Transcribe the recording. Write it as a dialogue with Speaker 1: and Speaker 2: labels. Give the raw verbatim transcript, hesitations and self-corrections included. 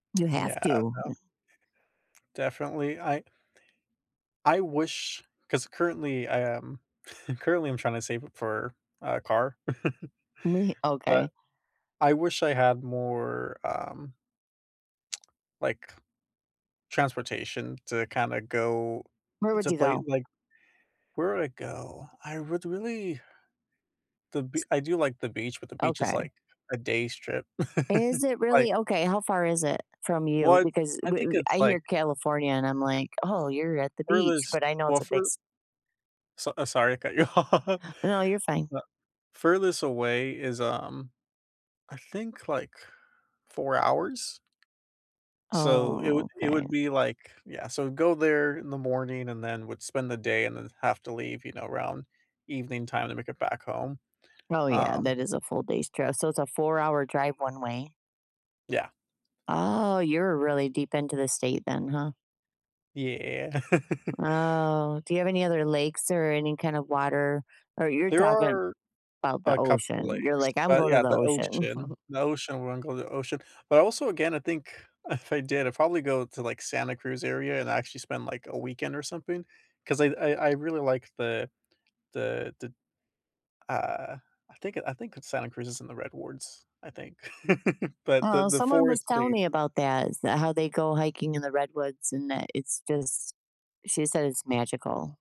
Speaker 1: You have
Speaker 2: Yeah, I
Speaker 1: to.
Speaker 2: know. Definitely. I I wish 'cause currently, I am currently, I'm trying to save it for a car.
Speaker 1: Me
Speaker 2: But
Speaker 1: Okay.
Speaker 2: I wish I had more, um Like, transportation to kinda go
Speaker 1: Where
Speaker 2: to
Speaker 1: would you
Speaker 2: play,
Speaker 1: go?
Speaker 2: like, where would I go? I would really The be
Speaker 1: S
Speaker 2: I do like the beach, but the beach is,
Speaker 1: Okay.
Speaker 2: like, a day's trip.
Speaker 1: Is it
Speaker 2: Like
Speaker 1: really okay. How far is it from you?
Speaker 2: Well it's
Speaker 1: Because
Speaker 2: I
Speaker 1: we
Speaker 2: think
Speaker 1: we
Speaker 2: it's,
Speaker 1: I
Speaker 2: like
Speaker 1: hear California and I'm like, "Oh, you're at the beach"
Speaker 2: Furthest
Speaker 1: but I know
Speaker 2: well,
Speaker 1: it's a big
Speaker 2: fur
Speaker 1: s
Speaker 2: So, uh, sorry, cut you off.
Speaker 1: No, you're fine.
Speaker 2: Uh furthest away is, um, I think, like, four hours. So, it would
Speaker 1: Oh,
Speaker 2: it
Speaker 1: okay.
Speaker 2: would be like yeah. So go there in the morning and then would spend the day and then have to leave, you know, around evening time to make it back home,
Speaker 1: Oh, yeah.
Speaker 2: um
Speaker 1: That is a full day's trip. So it's a four hour drive one way?
Speaker 2: Yeah.
Speaker 1: Oh, you're really deep into the state then, huh?
Speaker 2: Yeah.
Speaker 1: Oh, do you have any other lakes or any kind of water? Or you're
Speaker 2: There
Speaker 1: talking
Speaker 2: are
Speaker 1: 'bout the
Speaker 2: a couple
Speaker 1: ocean. You're
Speaker 2: lakes,
Speaker 1: like, "I'm
Speaker 2: but,
Speaker 1: going to
Speaker 2: yeah,
Speaker 1: the
Speaker 2: the
Speaker 1: ocean."
Speaker 2: ocean the ocean, we're going the ocean. But, also, again, I think if I did, I'd probably go to, like, Santa Cruz area and actually spend, like, a weekend or something ,'cause I I I really like the the the Uh, I think, uh, I think it's Santa Cruz and the Red Wards, I think. But the
Speaker 1: Well,
Speaker 2: the
Speaker 1: someone was telling
Speaker 2: foresty.
Speaker 1: me about that, is that how they go hiking in the Redwoods and that it's just she said it's magical.